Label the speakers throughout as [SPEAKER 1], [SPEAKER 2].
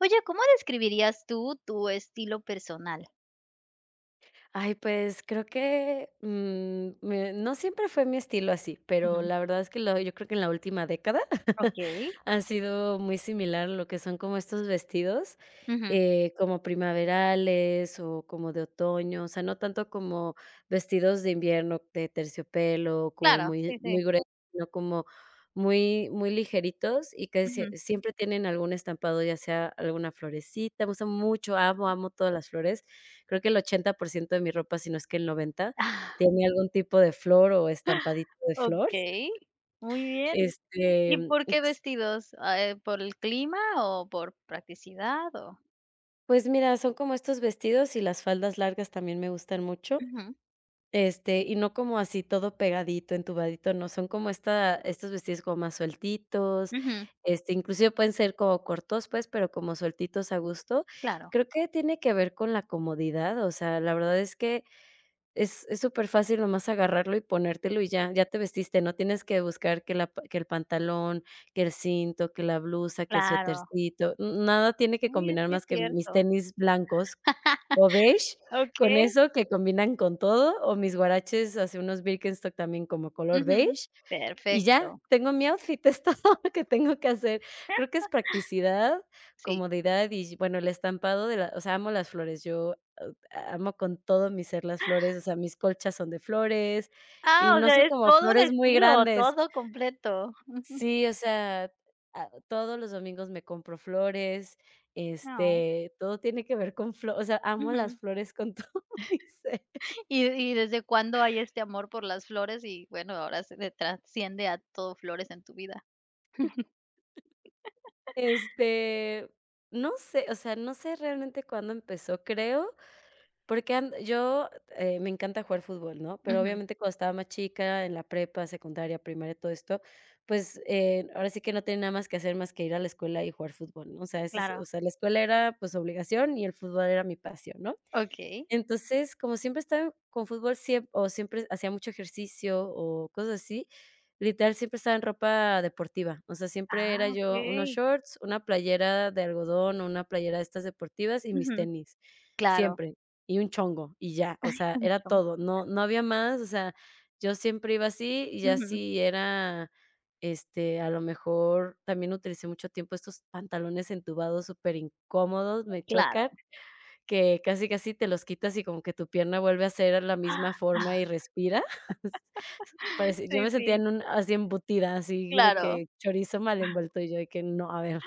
[SPEAKER 1] Oye, ¿cómo describirías tú tu estilo personal?
[SPEAKER 2] Ay, pues creo que, mm, me no siempre fue mi estilo así, pero
[SPEAKER 1] Ujú.
[SPEAKER 2] la verdad es que la, yo creo que en la última década
[SPEAKER 1] Okey.
[SPEAKER 2] ha sido muy similar lo que son como estos vestidos,
[SPEAKER 1] Ujú.
[SPEAKER 2] eh, como primaverales o como de otoño, o sea, no tanto como vestidos de invierno de terciopelo, como
[SPEAKER 1] Claro,
[SPEAKER 2] muy
[SPEAKER 1] sí, sí.
[SPEAKER 2] muy grueso, sino como muy muy ligeritos y casi siem
[SPEAKER 1] Ujú.
[SPEAKER 2] siempre tienen algún estampado, ya sea alguna florecita. Me gustan mucho, amo, amo todas las flores. Creo que el 80% de mi ropa, si no es que el 90, tiene algún tipo de flor o estampadito de flor.
[SPEAKER 1] Okey, muy bien.
[SPEAKER 2] Este,
[SPEAKER 1] ¿Y
[SPEAKER 2] mm,
[SPEAKER 1] por qué
[SPEAKER 2] ups
[SPEAKER 1] vestidos? ah, eh, ¿por el clima o por practicidad o?
[SPEAKER 2] Pues mira, son como estos vestidos y las faldas largas también me gustan mucho.
[SPEAKER 1] Ujú.
[SPEAKER 2] Este, y no como así todo pegadito, entubadito, no. Son como esta estos vestidos como más sueltitos,
[SPEAKER 1] Ujú.
[SPEAKER 2] este, inclusive pueden ser como cortos, pues, pero como sueltitos a gusto.
[SPEAKER 1] Claro.
[SPEAKER 2] Creo que tiene que ver con la comodidad, o sea, la verdad es que es es superfácil nomás agarrarlo y ponértelo y ya, ya te vestiste, no tienes que buscar que la pan que el pantalón, que el cinto, que la blusa, que el
[SPEAKER 1] Claro.
[SPEAKER 2] suétercito. Mm, nada tiene que
[SPEAKER 1] Oye,
[SPEAKER 2] combinar
[SPEAKER 1] sí es
[SPEAKER 2] más que mis
[SPEAKER 1] cierto.
[SPEAKER 2] tenis blancos o beige con
[SPEAKER 1] Okey.
[SPEAKER 2] eso que combinan con todo, o mis huaraches así unos [unintelligible] también como color
[SPEAKER 1] Ujú,
[SPEAKER 2] beige, y ya,
[SPEAKER 1] perfecto.
[SPEAKER 2] tengo mi outfit, es todo lo que tengo que hacer Creo que es practicidad,
[SPEAKER 1] Sí.
[SPEAKER 2] comodidad y, bueno, el estampado de la o sea, amo las flores. Yo o a amo con todo mi ser las flores, o sea, mis colchas son de flores,
[SPEAKER 1] Ah,
[SPEAKER 2] y
[SPEAKER 1] o
[SPEAKER 2] no
[SPEAKER 1] sea,
[SPEAKER 2] son
[SPEAKER 1] es
[SPEAKER 2] como
[SPEAKER 1] todo un
[SPEAKER 2] flores muy
[SPEAKER 1] estilo,
[SPEAKER 2] grandes.
[SPEAKER 1] todo completo, ujú.
[SPEAKER 2] Sí, o sea, ah, todos los domingos me compro flores,
[SPEAKER 1] Ay.
[SPEAKER 2] este, todo tiene que ver con flor, o sea,
[SPEAKER 1] Ujú,
[SPEAKER 2] amo las flores con todo mi ser.
[SPEAKER 1] ¿y y desde cuándo hay este amor por las flores? Y bueno, ahora se de trasciende a todo flores en tu vida.
[SPEAKER 2] Este, no sé, o sea, no sé realmente cuándo empezó, creo, porque an yo, eh, me encanta jugar fútbol, ¿no? Pero,
[SPEAKER 1] Ujú.
[SPEAKER 2] obviamente, cuando estaba más chica en la prepa, secundaria, primaria y todo esto, pues, eh, ahora sí que no tiene nada más que hacer más que ir a la escuela y jugar fútbol. O sea, esa es, o
[SPEAKER 1] Claro.
[SPEAKER 2] sea, la escuela era, pues, obligación y el fútbol era mi pasión, ¿no?
[SPEAKER 1] Okey.
[SPEAKER 2] Entonces, como siempre estaba con fútbol, siem o siempre hacía mucho ejercicio o cosas así, literal siempre estaba en ropa deportiva. O sea, siempre era
[SPEAKER 1] Ah,
[SPEAKER 2] yo unos
[SPEAKER 1] okey.
[SPEAKER 2] shorts, una playera de algodón o una playera de estas deportivas y mis
[SPEAKER 1] Ujú,
[SPEAKER 2] tenis,
[SPEAKER 1] claro.
[SPEAKER 2] siempre. Y un chongo y ya. O
[SPEAKER 1] Ay,
[SPEAKER 2] sea, era
[SPEAKER 1] mucho mejor.
[SPEAKER 2] todo. No no había más, o sea, yo siempre iba así y ya
[SPEAKER 1] Ujú.
[SPEAKER 2] si era, este, a lo mejor también utilicé mucho tiempo estos pantalones entubados superincómodos, me
[SPEAKER 1] Claro.
[SPEAKER 2] chocan, que casi, casi te los quitas y como que tu pierna vuelve a ser a la misma forma y respira. Parece, yo me
[SPEAKER 1] Sí,
[SPEAKER 2] sentía
[SPEAKER 1] sí.
[SPEAKER 2] en un así embutida, así de
[SPEAKER 1] Claro.
[SPEAKER 2] que chorizo mal envuelto, y yo, y que no, a ver.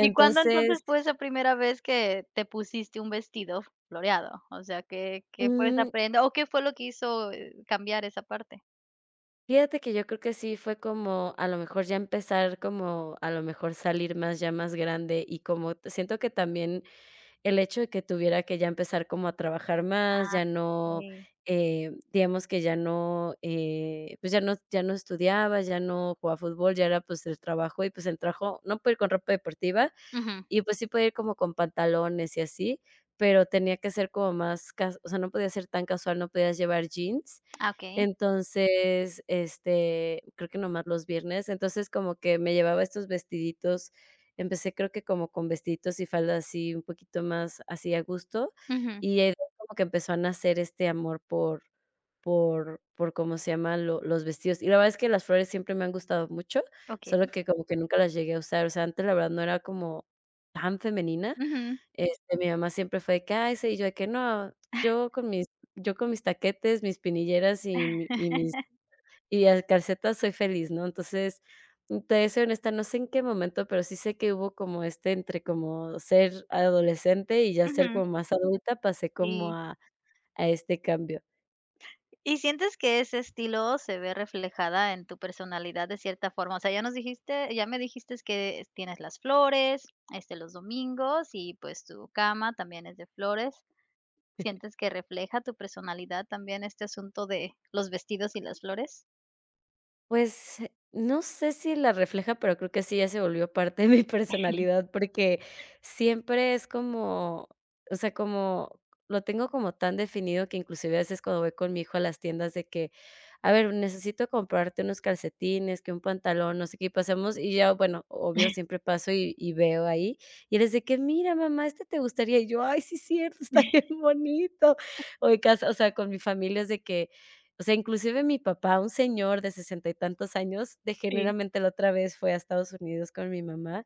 [SPEAKER 1] ¿Y cuándo entonces fue esa primera vez que te pusiste un vestido floreado? O sea, ¿qué qué fue esa
[SPEAKER 2] Mm.
[SPEAKER 1] prenda? ¿O qué fue lo que hizo, eh, cambiar esa parte?
[SPEAKER 2] Fíjate que yo creo que sí fue como a lo mejor ya empezar como a lo mejor salir más ya más grande, y como siento que también el hecho de que tuviera que ya empezar como a trabajar más,
[SPEAKER 1] Ah,
[SPEAKER 2] ya no,
[SPEAKER 1] sí.
[SPEAKER 2] eh, digamos que ya no, eh, pues ya no ya no estudiaba, ya no jugaba fútbol, ya era pues el trabajo y pues el trabajo, no puede ir con ropa deportiva
[SPEAKER 1] Ujú.
[SPEAKER 2] y pues sí puede ir como con pantalones y así, pero tenía que ser como más cas o sea, no podía ser tan casual, no podías llevar jeans.
[SPEAKER 1] Ah, okey.
[SPEAKER 2] Entonces, este, creo que nomás los viernes. Entonces, como que me llevaba estos vestiditos, empecé creo que como con vestiditos y faldas así un poquito más así a gusto,
[SPEAKER 1] Ujú.
[SPEAKER 2] y de ahí como que empezó a nacer este amor por por por, ¿cómo se llama?, lo los vestidos. Y la verdad es que las flores siempre me han gustado mucho, solo
[SPEAKER 1] Okey.
[SPEAKER 2] que como que nunca las llegué a usar. O sea, antes la verdad no era como tan femenina.
[SPEAKER 1] Ujú.
[SPEAKER 2] Este, mi mamá siempre fue de que ay, se y yo de que no, yo con mis yo con mis taquetes, mis espinilleras y mi y mi y, el, calcetas soy feliz, ¿no? Entonces, mm, te voy a ser honesta, no sé en qué momento, pero sí sé que hubo como este entre como ser adolescente y ya ser
[SPEAKER 1] Ujú.
[SPEAKER 2] como más adulta, pasé como
[SPEAKER 1] Sí.
[SPEAKER 2] a a este cambio.
[SPEAKER 1] ¿Y sientes que ese estilo se ve reflejada en tu personalidad de cierta forma? O sea ya nos dijiste ya me dijiste que tienes las flores este los domingos y pues tu cama también es de flores, ¿sientes que refleja tu personalidad también este asunto de los vestidos y las flores?
[SPEAKER 2] Pues, no sé si la refleja, pero creo que sí ya se volvió parte de mi personalidad, porque siempre es como, o sea, como lo tengo como tan definido que inclusive a veces cuando voy con mi hijo a las tiendas de que: "A ver, necesito comprarte unos calcetines, que un pantalón", no sé qué, y pasemos, y ya, bueno, obvio siempre paso y y veo ahí, y es de que: "Mira mamá, este te gustaría.", y yo: "Ay sí cierto, está bien bonito". O de casa, o sea, con mi familia es de que, o sea, inclusive mi papá, un señor de sesenta y tantos años, de
[SPEAKER 1] Sí.
[SPEAKER 2] generalmente la otra vez fue a Estados Unidos con mi mamá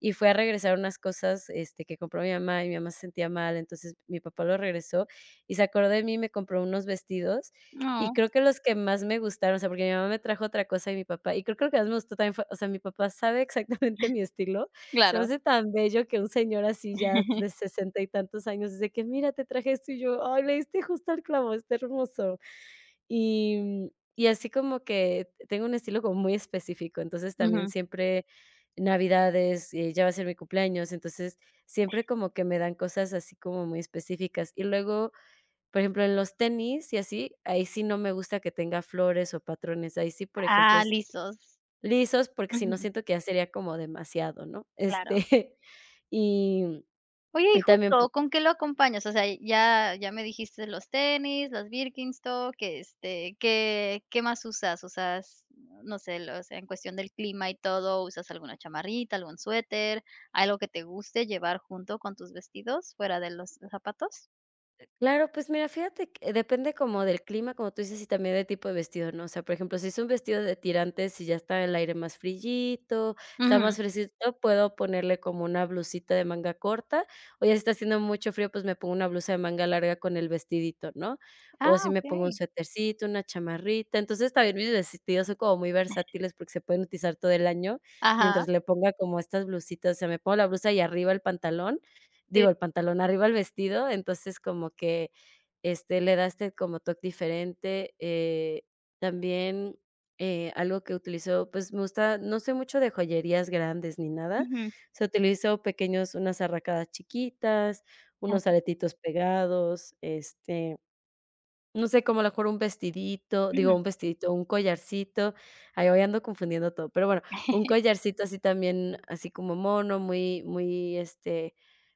[SPEAKER 2] y fue a regresar unas cosas, este, que compró mi mamá y mi mamá se sentía mal. Entonces, mi papá lo regresó y se acordó de mí y me compró unos vestidos y
[SPEAKER 1] No.
[SPEAKER 2] creo que los que más me gustaron, o sea, porque mi mamá me trajo otra cosa y mi papá, y creo que lo que más me gustó también fue, o sea, mi papá sabe exactamente mi estilo. Se me
[SPEAKER 1] Claro.
[SPEAKER 2] hace tan bello que un señor así ya s de sesenta y tantos años dice: "Que, mira, te traje esto", y yo: "Ay, le diste justo el clavo, está hermoso". Y, mm, y así como que te tengo un estilo como muy específico. Entonces, también
[SPEAKER 1] Ujú.
[SPEAKER 2] siempre navidades, ya va a ser mi cumpleaños, entonces siempre como que me dan cosas así como muy específicas. Y luego, por ejemplo, en los tenis y así, ahí sí no me gusta que tenga flores o patrones. Ahí sí, por ejemplo,
[SPEAKER 1] Ah, lisos.
[SPEAKER 2] lisos, porque si no
[SPEAKER 1] Ujú.
[SPEAKER 2] siento que ya sería como demasiado, ¿no? Este,
[SPEAKER 1] Claro.
[SPEAKER 2] y,
[SPEAKER 1] Oye, ¿y
[SPEAKER 2] y también pu
[SPEAKER 1] justo con qué lo acompañas? O sea, ya ya me dijiste los tenis, los Birkenstock que, este, ¿qué qué más usas? usas no sé, los, en cuestión del clima y todo, ¿usas alguna chamarrita, algún suéter, algo que te guste llevar junto con tus vestidos fuera de los zapatos?
[SPEAKER 2] Claro, pues mira, fíjate que depende como del clima, como tú dices, y también del tipo de vestido, ¿no? O sea, por ejemplo, si es un vestido de tirantes y ya está el aire más friito, está
[SPEAKER 1] Uju.
[SPEAKER 2] más fresquecito, puedo ponerle como una blusita de manga corta. O ya, si está haciendo mucho frío, pues me pongo una blusa de manga larga con el vestidito, ¿no? O
[SPEAKER 1] Ah,
[SPEAKER 2] si me pongo un
[SPEAKER 1] okey.
[SPEAKER 2] suetercito, una chamarrita. Entonces, también mis vestidos, son como muy versátiles porque se pueden utilizar todo el año,
[SPEAKER 1] Ajá.
[SPEAKER 2] mientras le ponga como estas blusitas. O sea me pongo la blusa y arriba el pantalón,
[SPEAKER 1] Sí.
[SPEAKER 2] digo, el pantalón, arriba el vestido, entonces como que, este, le das como toc diferente. Eh, también, eh, algo que utilizó, pues me gusta, no soy mucho de joyerías grandes ni nada, o
[SPEAKER 1] Ujú.
[SPEAKER 2] sea, utilizo pequeños unas arracadas chiquitas,
[SPEAKER 1] Ah,
[SPEAKER 2] unos
[SPEAKER 1] okey.
[SPEAKER 2] aretitos pegados, este, no sé, como a lo mejor un vestidito, digo,
[SPEAKER 1] Ujú.
[SPEAKER 2] un vestidito, un collarcito. Ay, hoy ando confundiendo todo, pero bueno, un collarcito así también, así como mono, muy muy, este,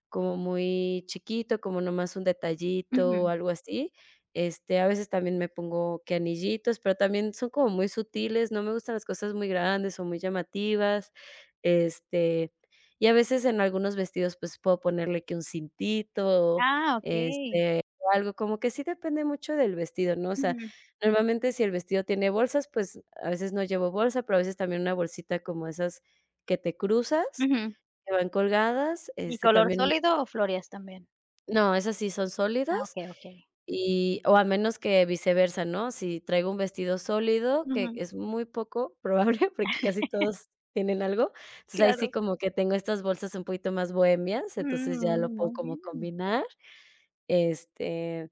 [SPEAKER 2] como muy chiquito, como nomás un detallito o
[SPEAKER 1] Ujú.
[SPEAKER 2] algo así. Este, a veces también me pongo que anillitos, pero también son como muy sutiles, no me gustan las cosas muy grandes o muy llamativas, este, y a veces en algunos vestidos, pues, puedo ponerle que un cintito,
[SPEAKER 1] Ah, okey.
[SPEAKER 2] este, o algo, como que sí depende mucho del vestido, ¿no? O sea,
[SPEAKER 1] Ujú.
[SPEAKER 2] normalmente si el vestido tiene bolsas, pues, a veces no llevo bolsa, pero a veces también una bolsita como esas que te cruzas,
[SPEAKER 1] Ujú.
[SPEAKER 2] que van colgadas,
[SPEAKER 1] ¿Y
[SPEAKER 2] este
[SPEAKER 1] color
[SPEAKER 2] también
[SPEAKER 1] sólido o flores también?
[SPEAKER 2] No, esas sí son
[SPEAKER 1] Ah,
[SPEAKER 2] sólidos,
[SPEAKER 1] okey, okey.
[SPEAKER 2] y o a menos que viceversa, ¿no? Si traigo un vestido sólido, que
[SPEAKER 1] Ujú.
[SPEAKER 2] es muy poco probable, porque casi todos tienen algo. Entonces, ahí sí
[SPEAKER 1] Claro.
[SPEAKER 2] como que tengo estas bolsas un poquito más bohemias, entonces ya
[SPEAKER 1] Um,
[SPEAKER 2] lo puedo
[SPEAKER 1] muy
[SPEAKER 2] como
[SPEAKER 1] bien, [unintelligible]
[SPEAKER 2] combinar. Este,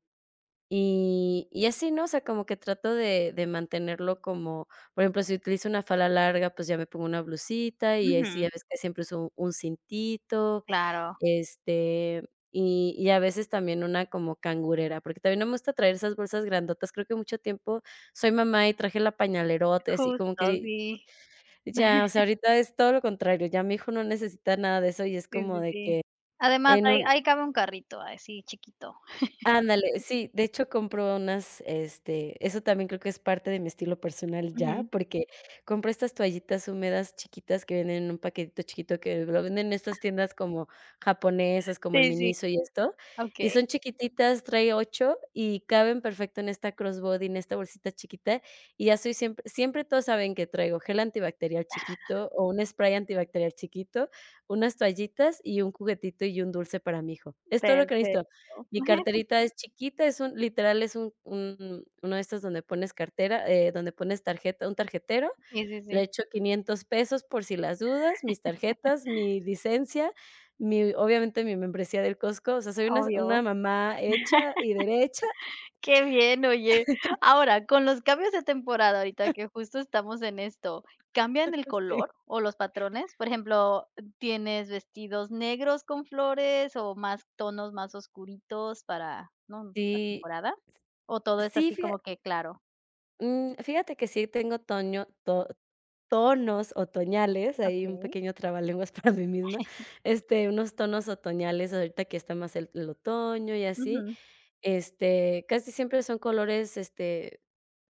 [SPEAKER 2] y, y así, ¿no? O sea, como que trato de de mantenerlo como, por ejemplo, si utilizo una falda larga, pues ya me pongo una blusita y ahí sí
[SPEAKER 1] Ujú.
[SPEAKER 2] ya ves que siempre uso un cintito,
[SPEAKER 1] Claro.
[SPEAKER 2] este, y y a veces también una como cangurera, porque también no muestra traer esas bolsas grandotas, creo que mucho tiempo soy mamá y traje la pañalerota, así como
[SPEAKER 1] Justo,
[SPEAKER 2] que,
[SPEAKER 1] sí.
[SPEAKER 2] ya, o sea, ahorita es todo lo contrario, ya mi hijo no necesita nada de eso, y es
[SPEAKER 1] Sí,
[SPEAKER 2] como
[SPEAKER 1] sí,
[SPEAKER 2] de
[SPEAKER 1] sí.
[SPEAKER 2] que
[SPEAKER 1] Además,
[SPEAKER 2] en
[SPEAKER 1] ahí
[SPEAKER 2] un
[SPEAKER 1] ahí cabe un carrito, ahí sí chiquito.
[SPEAKER 2] Ándale, sí, de hecho, compro unas, este, eso también creo que es parte de mi estilo personal ya,
[SPEAKER 1] Ujú.
[SPEAKER 2] porque compro estas toallitas húmedas chiquitas que venden en un paquetito chiquito que lo venden en
[SPEAKER 1] Ah.
[SPEAKER 2] estas tiendas como japonesas, como
[SPEAKER 1] Sí,
[SPEAKER 2] el
[SPEAKER 1] sí, sí.
[SPEAKER 2] Miniso y esto, y
[SPEAKER 1] Okey.
[SPEAKER 2] son chiquititas, trae 8 y caben perfecto en esta cross body, en esta bolsita chiquita, y ya soy siempre siempre todos saben que traigo gel antibacterial chiquito o un spray antibacterial chiquito, unas toallitas y un juguetito y un dulce para mi hijo. Es todo lo que
[SPEAKER 1] Perfecto.
[SPEAKER 2] necesito. Mi carterita es chiquita, es un literal es un un uno de estos donde pones cartera, eh, donde pones tarjeta un tarjetero.
[SPEAKER 1] Sí, sí, sí.
[SPEAKER 2] Le echo 500 pesos por si las dudas, mis tarjetas, mi licencia, mi obviamente, mi membresía del Costco. O sea, soy una s una
[SPEAKER 1] Obvio.
[SPEAKER 2] mamá hecha y derecha.
[SPEAKER 1] Qué bien. Oye, ahora, con los cambios de temporada ahorita que justo estamos en esto, ¿cambian el
[SPEAKER 2] Sí.
[SPEAKER 1] color o los patrones?, por ejemplo, ¿tienes vestidos negros con flores o más tonos más oscuritos para no? ¿La
[SPEAKER 2] Sí.
[SPEAKER 1] temporada?, ¿o todo es
[SPEAKER 2] Sí,
[SPEAKER 1] así
[SPEAKER 2] fija
[SPEAKER 1] como que claro?
[SPEAKER 2] Um, fíjate que sí tengo toño to tonos otoñales, ahí un
[SPEAKER 1] Okey.
[SPEAKER 2] pequeño trabalenguas para mí misma. Este, unos tonos otoñales ahorita que está más el el otoño y así.
[SPEAKER 1] Ujú.
[SPEAKER 2] Este, casi siempre son colores, este,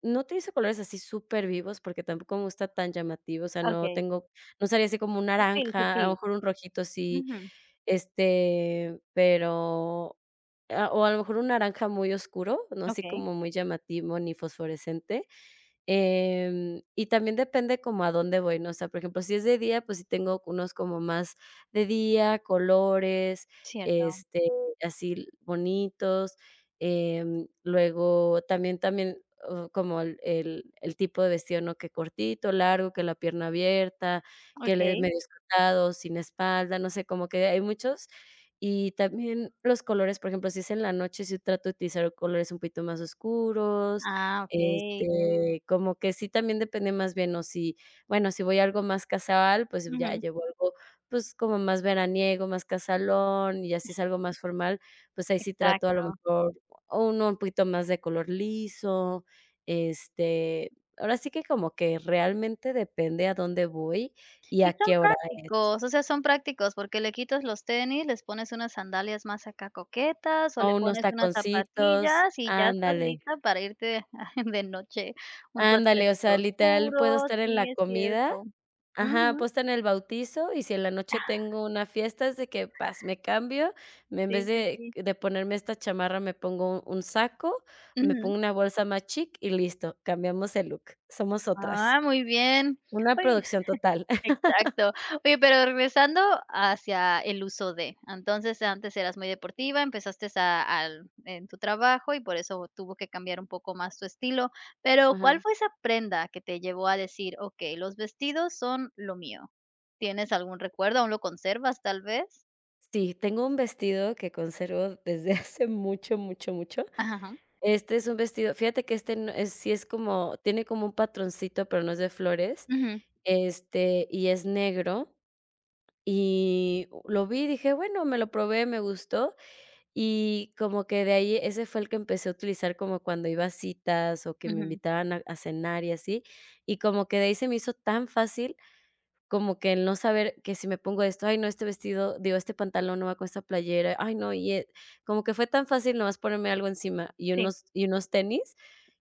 [SPEAKER 2] no utilizo colores así supervivos, porque tampoco me gusta tan llamativo. O sea, no
[SPEAKER 1] Okey.
[SPEAKER 2] tengo, no saldría así con un
[SPEAKER 1] Sutil,
[SPEAKER 2] naranja, a lo
[SPEAKER 1] sutil.
[SPEAKER 2] mejor un rojito sí,
[SPEAKER 1] Ujú.
[SPEAKER 2] este, pero a o a lo mejor un naranja muy oscuro, no así
[SPEAKER 1] Okey.
[SPEAKER 2] como muy llamativo ni fosforescente. Em, eh, y también depende como a dónde voy, ¿no? O sea, por ejemplo, si es de día, pues sí tengo unos como más de día, colores,
[SPEAKER 1] Cierto.
[SPEAKER 2] este, así l bonitos. Em, luego también también como el el el tipo de vestido, ¿no? Que cortito, largo, que la pierna abierta, que le de
[SPEAKER 1] Okey.
[SPEAKER 2] medio escotado, sin espalda, no sé, como que hay muchos. Y también los colores, por ejemplo, si es en la noche, si trato de utilizar colores un poquito más oscuros,
[SPEAKER 1] Ah, okey.
[SPEAKER 2] este, como que sí también depende más bien o si, bueno, si voy a algo más casual, pues ya
[SPEAKER 1] Ujú.
[SPEAKER 2] llevo algo, pues, como más veraniego, más casualón, y ya sí es algo más formal, pues ahí sí trato a lo
[SPEAKER 1] Exacto.
[SPEAKER 2] mejor o uno un poquito más de color liso. Este, ahora sí que como que realmente depende a dónde voy y a
[SPEAKER 1] Y son
[SPEAKER 2] qué hora es.
[SPEAKER 1] prácticos, o sea, son prácticos porque le quitas los tenis, les pones unas sandalias más acá coquetas o le
[SPEAKER 2] O unos
[SPEAKER 1] pones unas
[SPEAKER 2] taconcitos,
[SPEAKER 1] zapatillas y ya estás
[SPEAKER 2] ándale.
[SPEAKER 1] lista para irte de noche. Un
[SPEAKER 2] Ándale, o
[SPEAKER 1] suétercito
[SPEAKER 2] sea, literal puedo
[SPEAKER 1] oscuro,
[SPEAKER 2] estar en
[SPEAKER 1] sí,
[SPEAKER 2] la
[SPEAKER 1] es
[SPEAKER 2] comida.
[SPEAKER 1] cierto.
[SPEAKER 2] Ajá,
[SPEAKER 1] Ujú.
[SPEAKER 2] puedo estar en el bautizo, y si en la
[SPEAKER 1] Ah.
[SPEAKER 2] noche tengo una fiesta, es de que, ¡pas!, me cambio, y en vez
[SPEAKER 1] Sí, sí,
[SPEAKER 2] de
[SPEAKER 1] sí.
[SPEAKER 2] de ponerme esta chamarra, me pongo un un saco, me
[SPEAKER 1] Ujú.
[SPEAKER 2] pongo una bolsa más chic y listo, cambiamos el look, somos otras.
[SPEAKER 1] Ah, muy bien.
[SPEAKER 2] Una
[SPEAKER 1] Oye,
[SPEAKER 2] producción total.
[SPEAKER 1] exacto. Oye, pero regresando hacia el uso de. Entonces, antes eras muy deportiva, empezaste a al en tu trabajo y por eso tuvo que cambiar un poco más tu estilo. Pero ¿cuál
[SPEAKER 2] Ajá.
[SPEAKER 1] fue esa prenda que te llevó a decir: "Okey, los vestidos son lo mío" ¿Tienes algún recuerdo? ¿Aún lo conservas tal vez?
[SPEAKER 2] Sí, tengo un vestido que conservo desde hace mucho, mucho, mucho.
[SPEAKER 1] Ajá, ajá.
[SPEAKER 2] Este es un vestido, fíjate que este no es, sí es como, tiene como un patroncito, pero no es de flores,
[SPEAKER 1] Ujú.
[SPEAKER 2] este, y es negro, y lo vi y dije: "Bueno", me lo probé, me gustó, y como que de ahí ese fue el que empecé a utilizar como cuando iba a citas o que me
[SPEAKER 1] Ujú.
[SPEAKER 2] invitaban a a cenar y así, y como que de ahí se me hizo tan fácil como que el no saber: "Que si me pongo esto. Ay no, este vestido, digo, este pantalón no va con esta playera. Ay no y es", como que fue tan fácil nomás ponerme algo encima y
[SPEAKER 1] Sí.
[SPEAKER 2] unos y unos tenis.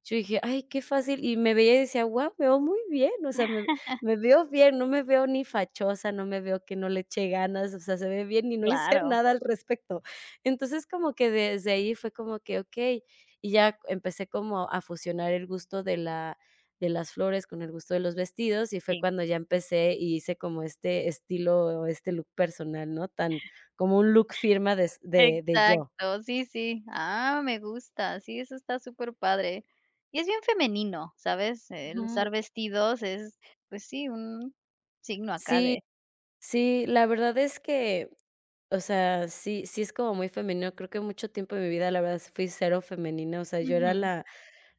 [SPEAKER 2] Yo dije: "Ay qué fácil.", y me veía y decía: "Guau, me veo muy bien, o sea, me me veo bien. No me veo ni fachosa, no me veo que no le eche ganas, o sea, se ve bien y no hice
[SPEAKER 1] Claro.
[SPEAKER 2] nada al respecto". Entonces, como que desde ahí fue como que: "Okey", y ya empecé como a fusionar el gusto de la de las flores con el gusto de los vestidos, y fue
[SPEAKER 1] Sí.
[SPEAKER 2] cuando ya empecé y hice como este estilo o este look personal, ¿no? Tan como un look firma des de de yo.
[SPEAKER 1] Exacto, sí, sí. Ah, me gusta, sí, eso está superpadre. Y es bien femenino, ¿sabes? El usar
[SPEAKER 2] Ujú.
[SPEAKER 1] vestidos es, pues sí, un signo acá
[SPEAKER 2] Sí,
[SPEAKER 1] de
[SPEAKER 2] sí, la verdad es que, o sea, sí sí es como muy femenino, creo que mucho tiempo de mi vida, la verdad, fui cero femenina, o sea, yo era
[SPEAKER 1] Ujú.
[SPEAKER 2] la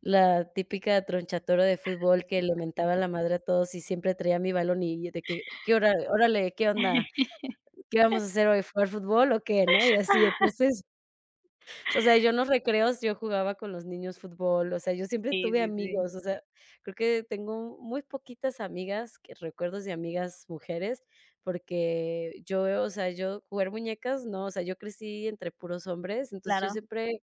[SPEAKER 2] la típica Tronchatoro de fútbol que le mentaba la madre a todos y siempre traía mi balón y de que: "¿Qué? Órale. ¿Qué onda? ¿Qué vamos a hacer hoy? ¿Jugar fútbol o qué?", ¿no? Y así, entonces, o sea, yo en los recreos, yo jugaba con los niños fútbol. O sea, yo siempre
[SPEAKER 1] Sí,
[SPEAKER 2] tuve
[SPEAKER 1] sí, sí.
[SPEAKER 2] amigos. O sea, creo que tengo muy poquitas amigas que recuerdos de amigas mujeres, porque yo, o sea, yo jugar muñecas, no. O sea, yo crecí entre puros hombres. Entonces, yo
[SPEAKER 1] Claro.
[SPEAKER 2] siempre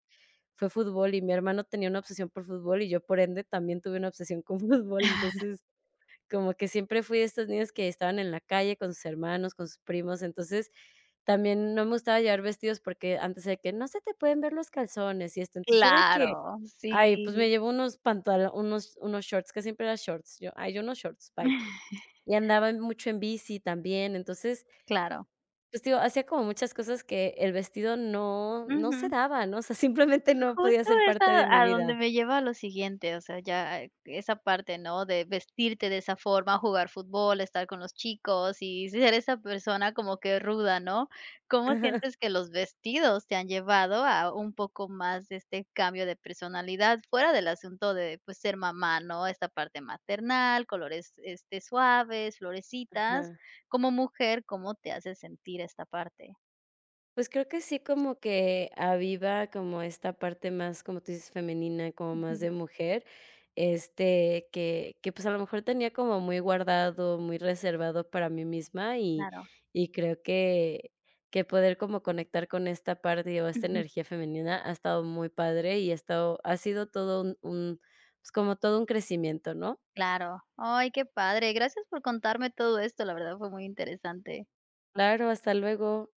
[SPEAKER 2] fue fútbol y mi hermano tenía una obsesión por fútbol, y yo, por ende, también tuve una obsesión con fútbol. Entonces, como que siempre fui de estos niños que estaban en la calle con sus hermanos, con sus primos. Entonces, también no me gustaba llevar vestidos porque antes era de que: "No se te pueden ver los calzones y esto". Entonces, yo de que:
[SPEAKER 1] Claro,
[SPEAKER 2] "Ay, pues,
[SPEAKER 1] sí.
[SPEAKER 2] me llevo unos pantalo unos unos shorts", casi siempre llevaba shorts yo, "Ay, yo unos shorts, bye". Y andaba mucho en bici también. Entonces,
[SPEAKER 1] Claro.
[SPEAKER 2] pues, te digo, hacía como muchas cosas que el vestido no, no se
[SPEAKER 1] Ujú.
[SPEAKER 2] daba, ¿no? O sea, simplemente no podía
[SPEAKER 1] Justo
[SPEAKER 2] ser
[SPEAKER 1] es
[SPEAKER 2] parte de
[SPEAKER 1] a
[SPEAKER 2] mi
[SPEAKER 1] a donde
[SPEAKER 2] vida.
[SPEAKER 1] me lleva lo siguiente, o sea, ya esa parte, ¿no? De vestirte de esa forma, jugar fútbol, estar con los chicos y ser esa persona como que ruda, ¿no? ¿Cómo
[SPEAKER 2] Ajá.
[SPEAKER 1] sientes que los vestidos te han llevado a un poco más de este cambio de personalidad fuera del asunto de pues ser mamá, no? Esta parte maternal, colores, este, suaves, florecitas.
[SPEAKER 2] Ajá.
[SPEAKER 1] Como mujer ¿cómo te hace sentir esta parte?
[SPEAKER 2] Pues creo que sí como que aviva como esta parte más, como tú dices, femenina, como más
[SPEAKER 1] Ujú.
[SPEAKER 2] de más de mujer, este, que que pues a lo mejor tenía como muy guardado, muy reservado para mí misma, y
[SPEAKER 1] Claro.
[SPEAKER 2] y creo que que poder como conectar con esta parte o esta
[SPEAKER 1] Ujú.
[SPEAKER 2] energía femenina ha estado muy padre y ha estado, ha sido todo un un, pues, como todo un crecimiento, ¿no?
[SPEAKER 1] Claro. Ay, qué padre. Gracias por contarme todo esto, la verdad fue muy interesante.
[SPEAKER 2] Claro, hasta luego.